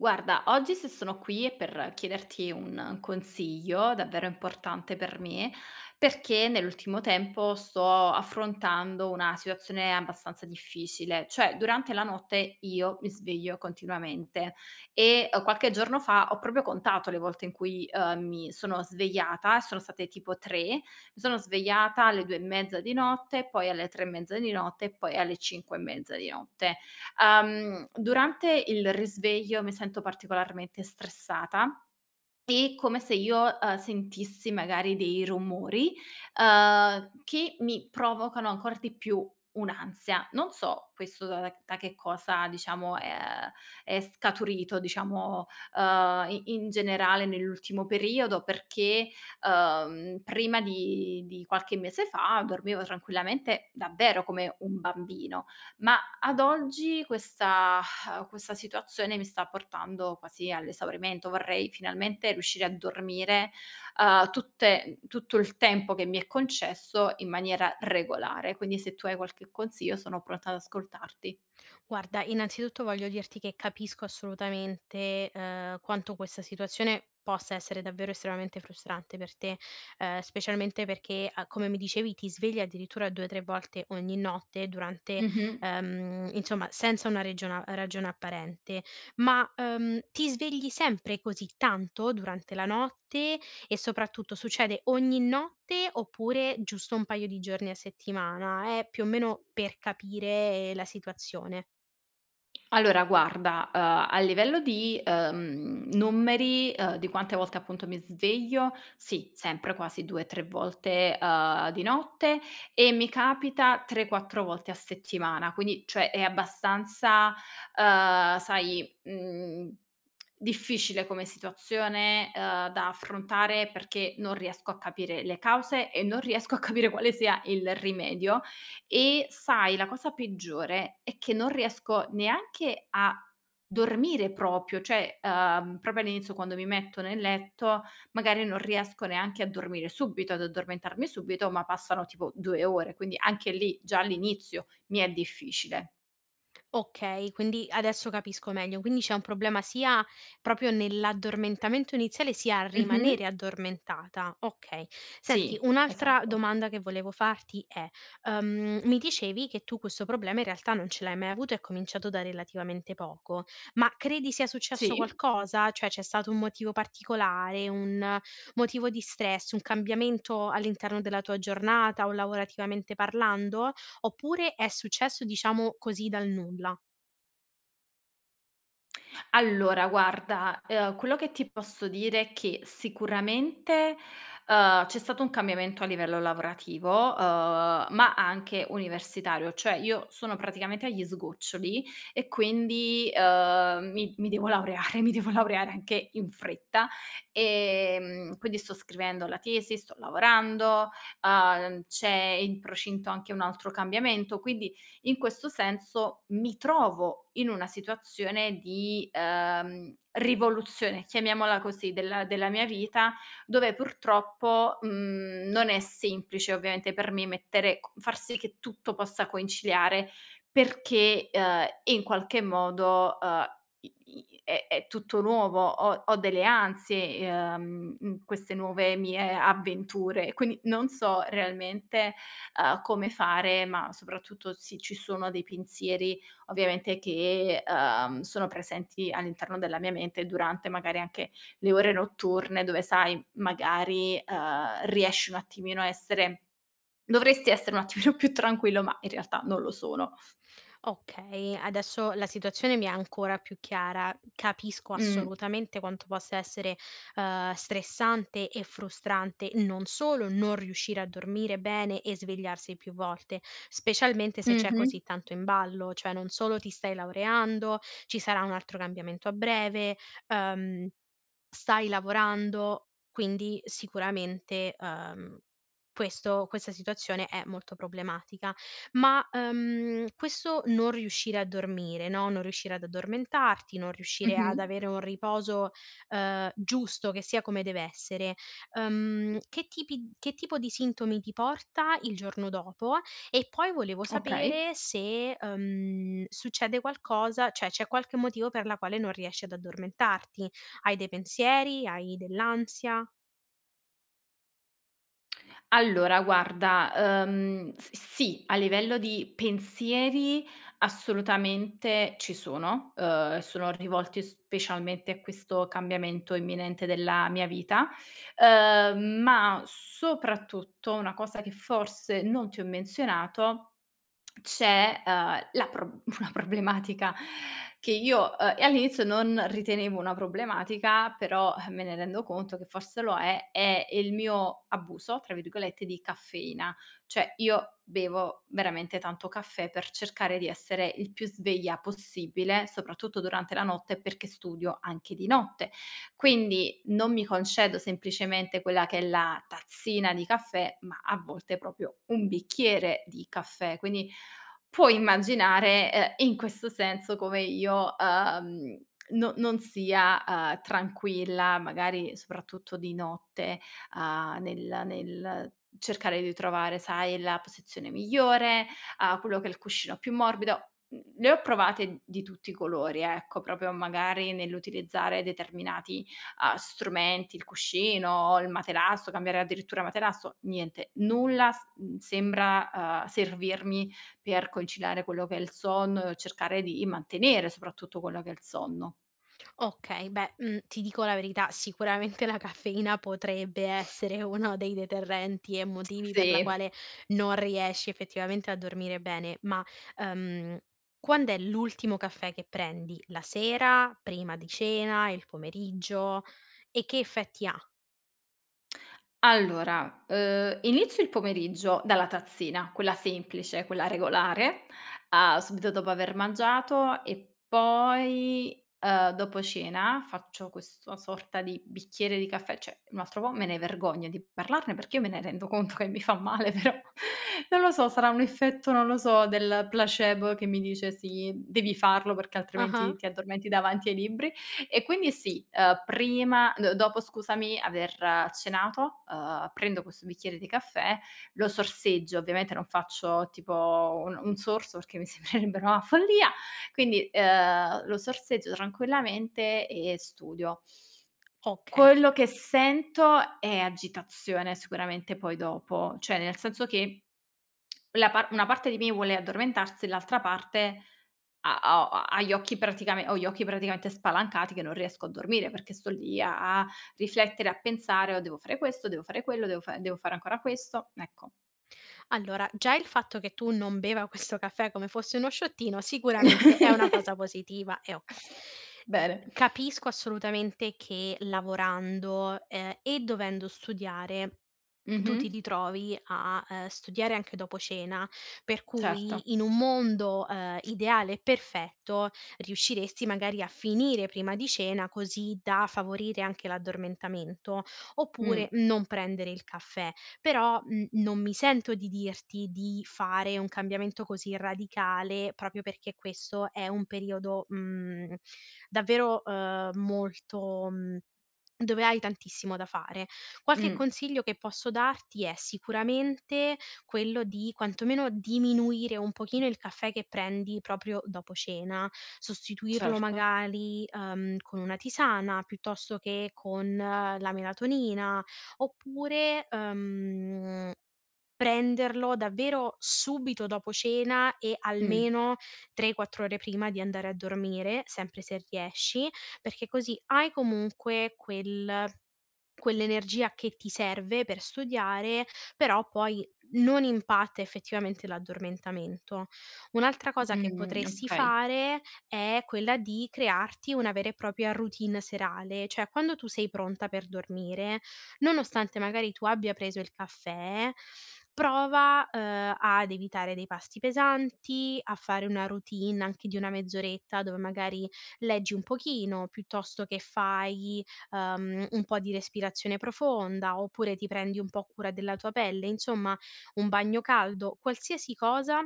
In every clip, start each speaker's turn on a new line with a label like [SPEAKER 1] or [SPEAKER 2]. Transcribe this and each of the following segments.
[SPEAKER 1] Guarda, oggi se sono qui è per chiederti un consiglio davvero importante per me, perché nell'ultimo tempo sto affrontando una situazione abbastanza difficile, cioè durante la notte io mi sveglio continuamente. E, uhm, qualche giorno fa ho proprio contato le volte in cui, uhm, mi sono svegliata e sono state tipo 3, mi sono svegliata alle 2 e mezza di notte, poi alle 3 e mezza di notte e poi alle 5 e mezza di notte. Uhm, durante il risveglio mi sento particolarmente stressata, e come se io, uhm, sentissi magari dei rumori, uhm, che mi provocano ancor di più un'ansia. Non so questo da da da che cosa diciamo è uhm, è scaturito diciamo, uhm, i in generale nell'ultimo periodo perché, uhm, prima di di qualche mese fa dormivo tranquillamente, davvero come un bambino. Ma ad oggi questa questa situazione mi sta portando quasi all'esaurimento. Vorrei finalmente riuscire a dormire, uhm, tutte tutto il tempo che mi è concesso, in maniera regolare. Quindi se tu hai qualche consiglio, sono pronta ad ascoltarti.
[SPEAKER 2] Guarda, innanzitutto voglio dirti che capisco assolutamente, uhm, quanto questa situazione possa essere davvero estremamente frustrante per te. Uhm, specialmente perché, uhm, come mi dicevi, ti svegli addirittura 2 o 3 volte ogni notte durante
[SPEAKER 1] Mh-mh.
[SPEAKER 2] ehm, insomma senza una regiona ragione apparente. Ma, uhm, ti svegli sempre così tanto durante la notte, e soprattutto succede ogni notte oppure giusto un paio di giorni a settimana? È più o meno per capire la situazione.
[SPEAKER 1] Allora guarda, uhm, a livello di, ehm, numeri, uhm, di quante volte appunto mi sveglio, sì, sempre quasi 2-3 volte, uhm, di notte e mi capita 3-4 volte a settimana. Quindi cioè è abbastanza, uhm, sai, mhmm, difficile come situazione, uhm, da affrontare perché non riesco a capire le cause, e non riesco a capire quale sia il rimedio. E sai, la cosa peggiore è che non riesco neanche a dormire proprio, cioè, uhm, proprio all'inizio quando mi metto nel letto, magari non riesco neanche a dormire subito ad addormentarmi subito, ma passano tipo 2 ore, quindi anche lì, già all'inizio mi è difficile.
[SPEAKER 2] Okay, quindi adesso capisco meglio. Quindi c'è un problema sia proprio nell'addormentamento iniziale, sia a
[SPEAKER 1] Mh-mh.
[SPEAKER 2] rimanere addormentata. Okay. Senti
[SPEAKER 1] Sì,
[SPEAKER 2] un'altra
[SPEAKER 1] esatto.
[SPEAKER 2] domanda che volevo farti è: uhm, mi dicevi che tu questo problema in realtà non ce l'hai mai avuto, è cominciato da relativamente poco. Ma credi sia successo
[SPEAKER 1] Sì.
[SPEAKER 2] qualcosa? Cioè c'è stato un motivo particolare, un motivo di stress, un cambiamento all'interno della tua giornata o lavorativamente parlando? Oppure è successo, diciamo, così dal nulla?
[SPEAKER 1] Allora guarda, ehm, quello che ti posso dire è che sicuramente, uhm, c'è stato un cambiamento a livello lavorativo, uhm, ma anche universitario, cioè io sono praticamente agli sgoccioli, e quindi, ehm, mi mi devo laureare, mi devo laureare anche in fretta. Ehm, quindi sto scrivendo la tesi, sto lavorando, uhm, c'è in procinto anche un altro cambiamento, quindi in questo senso mi trovo in una situazione di, ehm, rivoluzione, chiamiamola così, della della mia vita, dove purtroppo, mhmm, non è semplice ovviamente per me mettere co far sì che tutto possa conciliare, perché, ehm, in qualche modo, ehm, i i è è tutto nuovo, ho ho delle ansie, ehm, mhmm, queste nuove mie avventure. Quindi non so realmente, ehm, come fare, ma soprattutto se ci sono dei pensieri, ovviamente, che, ehm sono presenti all'interno della mia mente, durante magari anche le ore notturne dove sai, magari, ehm, riesci un attimino a essere dovresti essere un attimino più tranquillo, ma in realtà non lo sono.
[SPEAKER 2] Okay, adesso la situazione mi è ancora più chiara. Capisco
[SPEAKER 1] Mh.
[SPEAKER 2] assolutamente quanto possa essere, ehm, stressante e frustrante, non solo non riuscire a dormire bene e svegliarsi più volte, specialmente se c'è
[SPEAKER 1] Mh-mh.
[SPEAKER 2] così tanto in ballo: cioè non solo ti stai laureando, ci sarà un altro cambiamento a breve, ehm, stai lavorando, quindi sicuramente, ehm, questo questa situazione è molto problematica. Ma, ehm, questo non riuscire a dormire, no, non riuscire ad addormentarti, non riuscire ad
[SPEAKER 1] Mh-mh.
[SPEAKER 2] avere un riposo, ehm, giusto che sia come dev'essere, ehm, che tipi che tipo di sintomi ti porta il giorno dopo, e poi volevo
[SPEAKER 1] Okay.
[SPEAKER 2] sapere se, ehm, succede qualcosa cioè c'è qualche motivo per la quale non riesci ad addormentarti. Hai dei pensieri, hai dell'ansia?
[SPEAKER 1] Allora, guarda, uhm, s sì. A livello di pensieri, assolutamente ci sono, uhm, e sono rivolti specialmente a questo cambiamento imminente della mia vita. Uhm, ma soprattutto una cosa che forse non ti ho menzionato, c'è, uhm, la pro una problematica, che io uhm, e all'inizio non ritenevo una problematica, però, eh, me ne rendo conto che forse lo è, è il mio "abuso", tra virgolette, di caffeina. Cioè io bevo veramente tanto caffè per cercare di essere il più sveglia possibile, soprattutto durante la notte, perché studio anche di notte. Quindi non mi concedo semplicemente quella che è la tazzina di caffè, ma a volte proprio un bicchiere di caffè. Quindi, puoi immaginare, ehm, e in questo senso come io, uhm, no non sia, uhm, tranquilla, magari soprattutto di notte, uhm, nel nel cercare di trovare, sai, la posizione migliore, a quello che è il cuscino più morbido. Mhmm, le ho provate di tutti i colori ecco, proprio magari nell'utilizzare determinati, uhm, strumenti, il cuscino, il materasso, cambiare addirittura materasso, niente, nulla s mhmm, sembra, uhm, servirmi, per conciliare quello che è il sonno e cercare di mantenere soprattutto quello che è il sonno.
[SPEAKER 2] Okay. Beh, mhmm, ti dico la verità, sicuramente la caffeina potrebbe essere uno dei deterrenti e motivi per la
[SPEAKER 1] Sì.
[SPEAKER 2] quale non riesci effettivamente a dormire bene. Ma, ehm, quand'è l'ultimo caffè che prendi? La sera? Prima di cena? Il pomeriggio? E che effetti ha?
[SPEAKER 1] Allora, uhm, inizio il pomeriggio dalla tazzina, quella semplice, quella regolare, uhm, subito dopo aver mangiato e poi, uhm, dopo cena, faccio questo sorta di bicchiere di caffè cioè un altro po' me ne vergogno di parlarne perché, io me ne rendo conto che mi fa male però, non lo so, sarà un effetto, non lo so, del placebo, che mi dice: "Sì, devi farlo perché
[SPEAKER 2] Ah-ah.
[SPEAKER 1] altrimenti ti addormenti davanti ai libri". E quindi sì, ehm, prima d dopo scusami aver cenato, uhm, prendo questo bicchiere di caffè, lo sorseggio, ovviamente non faccio tipo un un sorso perché mi sembrerebbe una follia, quindi, uhm, lo sorseggio tranquillamente e studio.
[SPEAKER 2] Okay.
[SPEAKER 1] Quello che sento è agitazione, sicuramente poi dopo, cioè nel senso che, la par una parte di me vuole addormentarsi e l'altra parte, ha ho ha ha gli occhi praticamen ho gli occhi praticamente spalancati che non riesco a dormire perché sto lì a a, riflettere e a pensare: "Oh, devo fare questo, devo fare quello, devo fa devo fare ancora questo"; ecco.
[SPEAKER 2] Allora, già il fatto che tu non beva questo caffè come fosse uno shottino sicuramente è una cosa positiva e okay.
[SPEAKER 1] Bene.
[SPEAKER 2] Capisco assolutamente che lavorando, ehm, e dovendo studiare, tu ti
[SPEAKER 1] Mh-mh.
[SPEAKER 2] ritrovi a, ehm, studiare anche dopo cena, per
[SPEAKER 1] Certo.
[SPEAKER 2] cui, in un mondo, ehm, ideale e perfetto, riusciresti magari a finire prima di cena, così da favorire anche l'addormentamento
[SPEAKER 1] Mh.
[SPEAKER 2] oppure non prendere il caffè. Però, mhmm, non mi sento di dirti di fare un cambiamento così radicale proprio perché questo è un periodo, mhmm, davvero, uhm, molto, mhmm, dove hai tantissimo da fare. Qualche
[SPEAKER 1] Mh.
[SPEAKER 2] consiglio che posso darti è sicuramente quello di, quantomeno, diminuire un pochino il caffè che prendi proprio dopo cena, sostituirlo
[SPEAKER 1] Certo.
[SPEAKER 2] magari, uhm, con una tisana, piuttosto che con la melatonina, oppure, uhm, prenderlo davvero subito dopo cena e
[SPEAKER 1] Mh.
[SPEAKER 2] almeno 3, 4 ore prima di andare a dormire, sempre se riesci, perché così hai comunque quel quell'energia che ti serve per studiare, però poi non impatta effettivamente l'addormentamento. Un'altra cosa che
[SPEAKER 1] Mh-mh.
[SPEAKER 2] potresti
[SPEAKER 1] Okay.
[SPEAKER 2] fare è quella di crearti una vera e propria routine serale, cioè quando tu sei pronta per dormire, nonostante magari tu abbia preso il caffè, prova, uhm, ad evitare dei pasti pesanti, a fare una routine anche di una mezz'oretta dove, magari, leggi un pochino, piuttosto che fai, uhm, un po' di respirazione profonda, oppure ti prendi un po' cura della tua pelle, insomma, un bagno caldo, qualsiasi cosa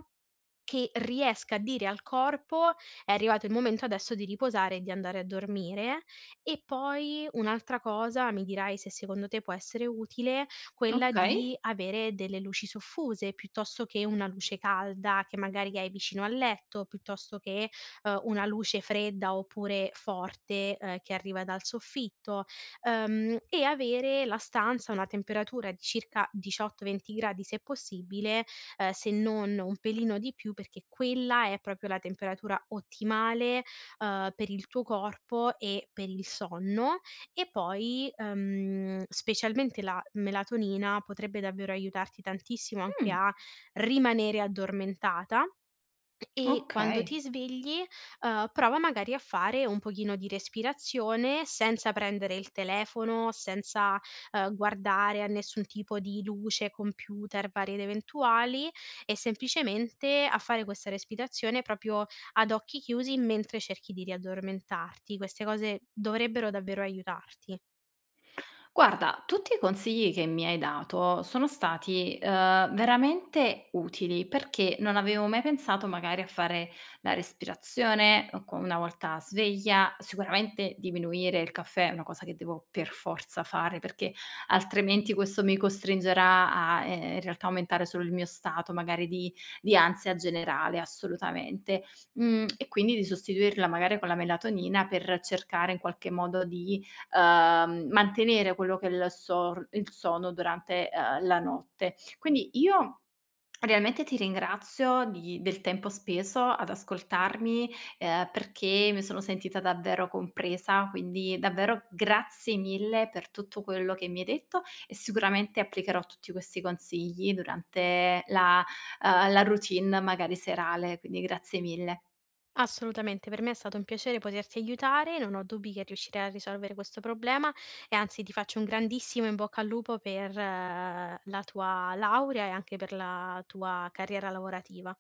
[SPEAKER 2] che riesca a dire al corpo: è arrivato il momento adesso di riposare e di andare a dormire. E poi un'altra cosa, mi dirai se secondo te può essere utile, quella di
[SPEAKER 1] Okay.
[SPEAKER 2] avere delle luci soffuse piuttosto che una luce calda che magari hai vicino al letto, piuttosto che, uhm, una luce fredda oppure forte, ehm, che arriva dal soffitto, uhm, e avere la stanza a una temperatura di circa 18, 20 gradi se possibile, ehm se non un pelino di più, perché quella è proprio la temperatura ottimale, uhm, per il tuo corpo e per il sonno. E poi, ehm, specialmente la melatonina potrebbe davvero aiutarti tantissimo anche
[SPEAKER 1] Mh.
[SPEAKER 2] a rimanere addormentata, e quando ti
[SPEAKER 1] Okay.
[SPEAKER 2] svegli, uhm, prova, magari, a fare un pochino di respirazione, senza prendere il telefono, senza, uhm, guardare a nessun tipo di luce, computer, varie ed eventuali, e semplicemente a fare questa respirazione proprio ad occhi chiusi mentre cerchi di riaddormentarti. Queste cose dovrebbero davvero aiutarti.
[SPEAKER 1] Guarda, tutti i consigli che mi hai dato sono stati, uhm, veramente utili perché non avevo mai pensato, magari, a fare la respirazione o co una volta sveglia, sicuramente diminuire il caffè è una cosa che devo per forza fare, perché altrimenti questo mi costringerà a, ehm, in realtà aumentare solo il mio stato, magari di di ansia generale, assolutamente. Mhmm, e quindi di sostituirla magari con la melatonina, per cercare in qualche modo di, uhm, mantenere quello che è il sor il sonno durante, uhm, la notte. Quindi io, realmente ti ringrazio di del tempo speso ad ascoltarmi, ehm, perché mi sono sentita davvero compresa. Quindi davvero grazie mille per tutto quello che mi hai detto e, sicuramente, applicherò tutti questi consigli durante la uhm, la routine, magari serale. Quindi grazie mille.
[SPEAKER 2] Assolutamente, per me è stato un piacere poterti aiutare. Non ho dubbi che riuscirai a risolvere questo problema, e anzi ti faccio un grandissimo in bocca al lupo per la tua laurea e anche per la tua carriera lavorativa.